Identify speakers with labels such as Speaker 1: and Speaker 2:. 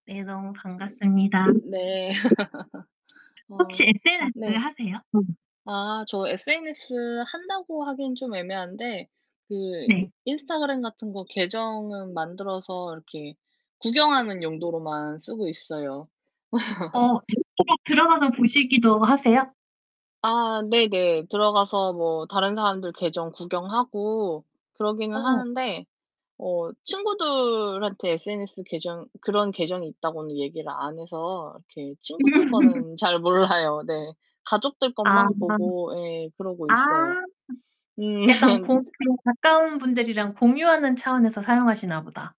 Speaker 1: 네, 너무 반갑습니다.
Speaker 2: 네. 어
Speaker 1: 혹시 SNS
Speaker 2: 네.
Speaker 1: 하세요?
Speaker 2: 아, 저 SNS 한다고 하기는 좀 애매한데 그 이
Speaker 1: 네.
Speaker 2: 인스타그램 같은 거 계정은 만들어서 이렇게 구경하는 용도로만 쓰고 있어요.
Speaker 1: 어 [unintelligible] 들어가서 보시기도 하세요?
Speaker 2: 아 네네. 들어가서 뭐 다른 사람들 계정 구경하고 그러기는
Speaker 1: 어.
Speaker 2: 하는데 어 친구들한테 SNS 계정 그런 계정이 있다고는 얘기를 안 해서 이렇게 친구들 거는 잘 몰라요. 네. 가족들
Speaker 1: 아.
Speaker 2: 것만 보고 예 그러고
Speaker 1: 아.
Speaker 2: 있어요. 음.
Speaker 1: 약간 [unintelligible] 가까운 분들이랑 공유하는 차원에서 사용하시나 보다.